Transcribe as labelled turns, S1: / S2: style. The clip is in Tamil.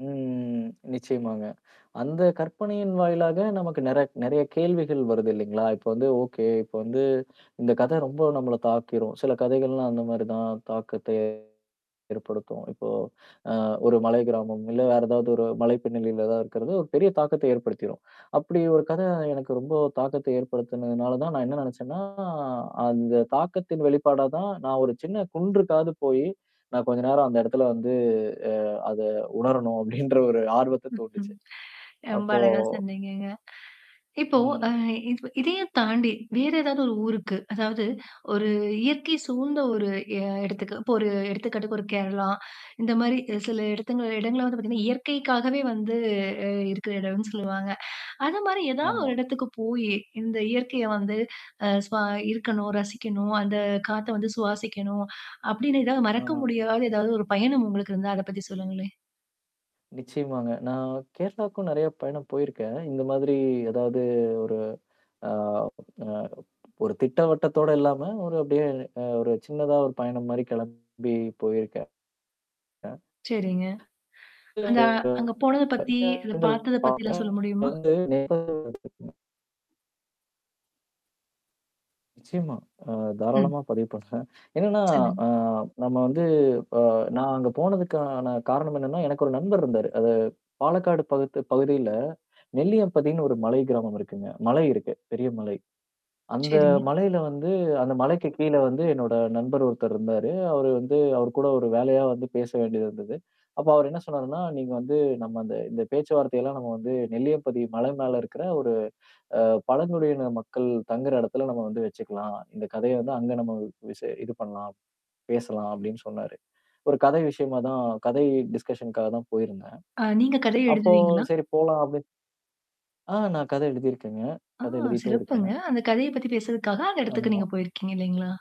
S1: ம். நிச்சயமாங்க. அந்த கற்பனையின் வாயிலாக நமக்கு நெற நெறைய கேள்விகள் வருது இல்லீங்களா? இப்போ வந்து ஓகே, இப்போ வந்து இந்தக் கதை ரொம்போ நம்மள தாக்கிரும். சில கதைகள்லாம் அந்த மாரி தான் தாக்கத்த ஏற்படுத்தும். இப்போ அ ஒரு மலை கிராமம், இல்ல வேற ஏதாவது ஒரு மலை பின்னணியில ஏதாவது இருக்கிறது, ஒரு பெரிய தாக்கத்த ஏற்படுத்திரும். அப்படி ஒரு கதை எனக்கு ரொம்போ தாக்கத்தை ஏற்படுத்துனதுனால தான், நான் என்ன நெனைச்சேன்னா அந்த தாக்கத்தின் வெளிப்பாடாதான், "நான் ஒரு சின்னக் குன்றுக்காவது போயி, நான் கொஞ்ச நேரம் அந்த இடத்துல வந்து அ அத உணரனும்." அப்படின்ற ஒரு ஆர்வத்த தூண்டுச்சு.
S2: ரொம்ப
S1: அப்போ
S2: அழகா சொன்னீங்கங்க. இப்போ அ
S1: ம்.
S2: இது இதையும் தாண்டி வேற ஏதாவது ஒரு ஊருக்கு, அதாவது ஒரு இயற்கை சூழ்ந்த ஒரு எ இடத்துக்கு, இப்ப ஒரு எடுத்துக்காட்டுக்கு ஒரு கேரளா, இந்த மாரி அ சில இடத்துங்கள இடங்கள வந்து பார்த்தீங்கன்னா, இயற்கைக்காகவே வந்து இருக்குற இடம்ன்னு சொல்லுவாங்க. அது மாரி ஏதாவது
S1: ஆமா.
S2: ஒரு இடத்துக்குப் போயி, "இந்த இயற்கையை வந்து அ சுவா இருக்கணும், ரசிக்கணும், அந்தக் காத்தை வந்து சுவாசிக்கணும்." அப்படீன்னு எதாவது மறக்க
S1: ஆ.
S2: முடியாத ஏதாவது ஒரு பயணம் உங்களுக்கு இருந்தா அத பத்தி சொல்லுங்களேன்.
S1: நிச்சயமாங்க. நான் கேரளாக்கும் நெறைய பயணம் போயிருக்கேன். ஆனா இந்த மாதிரி ஏதாவது ஒரு அ, அ ஒரு திட்டவட்டத்தோட இல்லாம, ஒரு அப்படியே ஒரு சின்னதா ஒரு பயணம் மாரி கெளம்பி போயிருக்கேன். அ..
S2: சரிங்க.
S1: [unintelligible] சில
S2: அந்த அங்க
S1: இடங்கள்
S2: போனதை பத்தி, அத பார்த்தத
S1: பார்க்
S2: பத்தில்லாம் சொல்ல முடியுமா?
S1: வந்து [unintelligible] நிச்சயமா. நான்
S2: ம்.
S1: தாராளமா பதிவு பண்ணுறேன். என்னன்னா
S2: சொல்லுங்க.
S1: அ நம்ம வந்து இப்ப நான் அங்க போனதுக்கான காரணம் என்னன்னா, எனக்கு ஒரு நண்பர் இருந்தாரு. அது பாலக்காடு பகுத்-பகுதியில, நெல்லியம்பதின்னு ஒரு மலை கிராமம் இருக்குங்க. மலை இருக்கு. பெரிய மலை. அந்த
S2: சரிங்க.
S1: மலையில வந்து, அந்த மலைக்குக் கீழ வந்து என்னோட நண்பர் ஒருத்தர் இருந்தாரு. அவரு வந்து அவரு கூட ஒரு வேலையா வந்து பேச வேண்டியிருந்தது. அப்போ அவரு என்ன சொன்னாருன்னா, "நீங்க வந்து நம்ம இந்த இந்த பேச்சுவார்த்தையெல்லாம் நம்ம வந்து நெல்லியம்பதி மலை மேல இருக்கிற ஒரு அ பழங்குடியின மக்கள் தங்குற இடத்துல நம்ம வந்து வச்சுக்கலாம். இந்தக் கதைய வந்து அங்க நம்ம வ் விசே இது பண்ணலாம், பேசலாம்." அப்படின்னு சொன்னாரு. ஒரு கதை விஷயமாதான், கதை டிஸ்கஷன்க்காகத்தான் போயிருந்தேன்.
S2: ஆ. நீங்கக் கதை
S1: அப்போ,
S2: எழுதுவீங்களா?
S1: "சரி போலாம்." அப்டின் ஆ நான் கதை எழுதிருக்கேங்க.
S2: ஆ
S1: கதை எழுதிட்டும்
S2: சிறப்புங்க.
S1: இருக்கேன்.
S2: அந்தக் கதைய பத்தி பேசுறதுக்காக, அந்த இடத்துக்கு
S1: ஆமா.
S2: நீங்கப் போயிருக்கீங்க இல்லைங்களா?